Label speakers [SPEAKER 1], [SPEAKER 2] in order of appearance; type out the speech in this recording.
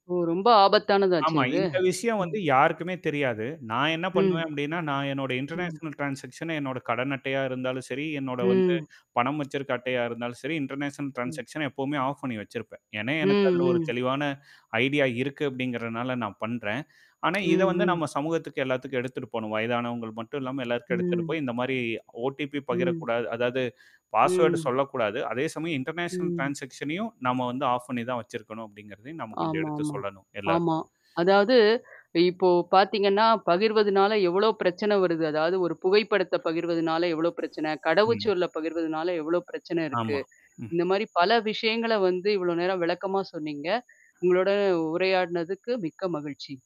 [SPEAKER 1] ஓ! ரொம்ப ஆபத்தானதாச்சே!
[SPEAKER 2] ஆமா.
[SPEAKER 1] இது?
[SPEAKER 2] இந்த விஷயம்
[SPEAKER 1] ம்.
[SPEAKER 2] வந்து யாருக்குமே தெரியாது. நான் என்ன
[SPEAKER 1] ம்.
[SPEAKER 2] பண்ணுவேன் அப்படின்னா, நான் என்னோட
[SPEAKER 1] ம்.
[SPEAKER 2] இன்டர்நேஷனல் ட்ரான்ஸாக்ஸன் என்னோட கடன் அட்டையா இருந்தாலும் செரி, என்னோட வந்து
[SPEAKER 1] ம்.
[SPEAKER 2] பணம் வச்சிருக்க அட்டையா இருந்தாலும் செரி, இன்டர்நேஷனல்
[SPEAKER 1] ம்.
[SPEAKER 2] ட்ரான்ஸாக்ஸன எப்பவுமே ஆஃப் பண்ணி வச்சிருப்பேன். ஏன்னா,
[SPEAKER 1] ம்,
[SPEAKER 2] எனக்கு அதுல ஒரு
[SPEAKER 1] ம்.
[SPEAKER 2] தெளிவான ஐடியா இருக்கு அப்படிங்கிறனால நான் பண்றேன். ஆனா, இத வந்து
[SPEAKER 1] ம், ம்.
[SPEAKER 2] நம்ம சமூகத்துக்கு எல்லாத்துக்கும் எடுத்துட்டு போணும். வயதானவங்கள் மட்டும் இல்லாம, எல்லாத்துக்கும் எடுத்துட்டு
[SPEAKER 1] ம்.
[SPEAKER 2] போய், இந்த மாரி ஓடிபி
[SPEAKER 1] ம்.
[SPEAKER 2] பகிரக்கூடாது அதாவது பாஸ்வேர்ட்
[SPEAKER 1] ம்.
[SPEAKER 2] சொல்லக்கூடாது. அதே சமயம் இன்டர்நேஷனல்
[SPEAKER 1] ம்.
[SPEAKER 2] ட்ரான்ஸாக்ஸனையும் நம்ம வந்து ஆஃப் பண்ணி தான் வச்சிருக்கணும் அப்படிங்கிறதையும் நம்ம கொஞ்சம் எடுத்து
[SPEAKER 1] ஆமாமா.
[SPEAKER 2] சொல்லணும்
[SPEAKER 1] ஆமா.
[SPEAKER 2] எல்லாருக்கும்.
[SPEAKER 1] அதாவது இப்போ பார்த்தீங்கன்னா, பகிர்வதுனால எவ்ளோ பிரச்சனை வருது. அதாவது ஒரு புகைப்படத்த பகிர்வதுனால எவ்ளோ பிரச்சனை,
[SPEAKER 2] ம்.
[SPEAKER 1] கடவுச்சொல்ல பகிர்வதுனால எவ்ளோ பிரச்சனை இருக்கு.
[SPEAKER 2] ஆமா. ம்.
[SPEAKER 1] இந்த மாரி பல விஷயங்கள வந்து இவ்வளோ நேரம் விளக்கமா சொன்னீங்க. உங்களோட உரையாடினதுக்கு மிக்க மகிழ்ச்சி.